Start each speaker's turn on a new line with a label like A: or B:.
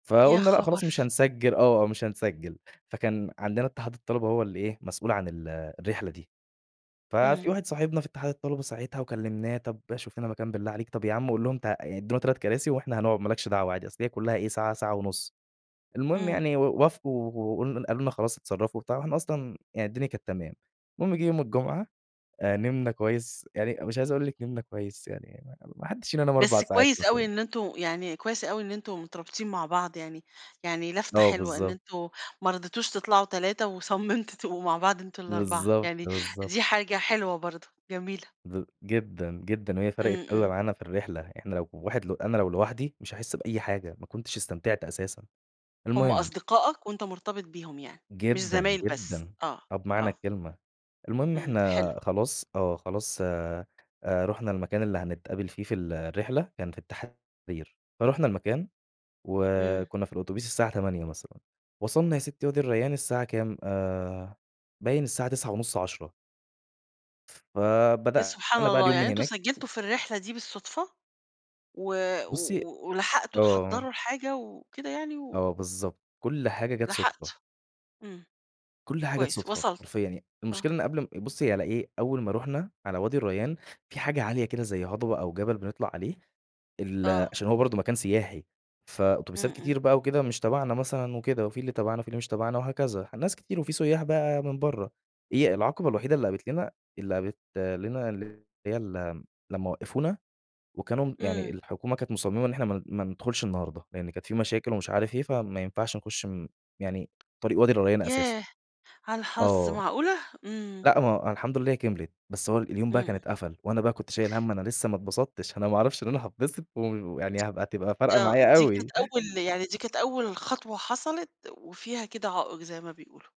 A: يا
B: فقُلنا لأ خلاص مش
A: خبر!
B: هنسجِّل آه، مش هنسجِّل، فكان عندنا اتحاد الطلبة هو اللي إيه، مسؤول عن ال الرحلة دي، ففي
A: إمم.
B: واحد صاحبنا في اتحاد الطلبة ساعتها وكلمناه طَب شوف لنا مكان بالله عليك، طَب يا عُم قُل لهم ت يعني ادّونا 3 كراسي وإحنا هنقعد ما لكش دعوة عادي، أصل هي كلّها إيه، ساعة ساعة ونُص، المهم
A: إمم.
B: يعني و وافقوا و وقلن قالوا لنا خلاص اتصرّفوا وبتاع، وإحنا أصلًا يعني الدنيا كانت تمام، المهم جيه يوم الجمعة نمنا كويس يعني، مش عايز أقول لِك نمنا كويس يعني، م ما حدّش فينا نام 4
A: بس
B: ساعات
A: كويس
B: مثلًا.
A: أوي إن أنتم يعني كويس أوي إن أنتم مترابطين مع بعض يعني يعني لفتة
B: آه
A: حلوة إن
B: بالضبط.
A: أنتم ما رضيتوش تطلعوا 3 وصمّمتوا تبقوا مع بعض أنتم ال4،
B: بالضبط،
A: يعني
B: بالضبط.
A: دي حاجة حلوة برضه، جميلة.
B: ب جدًا، جدًا، وهي فرَقِت
A: إمم،
B: أوي
A: إمم.
B: معانا في الرحلة، إحنا لو واحد ل أنا لو لوحدي مش هاحس بأي حاجة، ما كنتش استمتعت أساسًا،
A: هُم
B: المهم
A: أصدقائك وأنت مرتبط بيهم يعني، مش
B: جدًا،
A: زمايل بس،
B: جدًا.
A: آه،
B: آه بمعنى
A: آه.
B: الكلمة، المهم
A: إمم،
B: إحنا
A: حلو.
B: خلاص آه، خلاص آآ، رُحنا المكان اللي هنتقابل فيه في الرحلة، كان في التحرير، فرُحنا المكان،
A: إمم.
B: وكنّا في الأوتوبيس الساعة 08:00 مثلًا، وصلنا يا سِتي وادي الريان الساعة كام آآ باين الساعة 09:30، 10:00.
A: يا سبحان
B: فبدأنا بقي
A: الله،
B: اليوم
A: يعني
B: من
A: أنتم
B: هناك
A: سجّلتوا في الرحلة دي بالصدفة، و
B: بُصّي
A: و ولحقتوا
B: آه.
A: تحضّروا الحاجة، وكده يعني، و
B: آه بالضبط، كلّ حاجة جات صُدفة.
A: لحقت، إمم،
B: كلّ حاجة جات
A: كويس
B: صُدفة،
A: وصلتوا،
B: حرفيًا يع
A: آه.
B: المشكلة إن قبل م بُصّي على إيه، أول ما رُحنا على وادي الريّان، في حاجة عالية كده زي هضبة أو جبل بنطلع عليه، ال
A: آه.
B: عشان هو برضه مكان سياحي، فأتوبيسات
A: إمم، إمم.
B: كتير بقى وكده مش تبعنا مثلًا وكده وفي اللي تبعنا وفي اللي مش تبعنا وهكذا، ناس كتير وفي سُيّاح بقى من برّه، هي العقبة الوحيدة اللي قابلت لنا اللي قابت لنا اللي هي ال لمّا وقّفونا وكانوا م يعني
A: إمم.
B: الحكومة كانت مصمّمة إن إحنا ما ما ندخلش النهارده، لإن كانت في مشاكل ومش عارف إيه، فما ينفعش نخُش م يعني طريق وادي الريّان اساسًا.
A: ياه! على الحظ،
B: آه،
A: معقولة! إمم.
B: لأ ما الحمد لله كمْلِت، بس هو اليوم
A: إمم،
B: بقى كان
A: إمم.
B: اتقفل، وأنا بقى كنت شايل هَم أنا لسّه ما اتبسطتش، أنا ما أعرفش إن أنا هاتبسط، و
A: د
B: ويعني هابقى تبقى فارقة
A: آه
B: معايا
A: دي كانت
B: أوي.
A: أول يعني دي كانت أول خطوة حصَلِت، وفيها كده عائق زي ما بيقُولوا.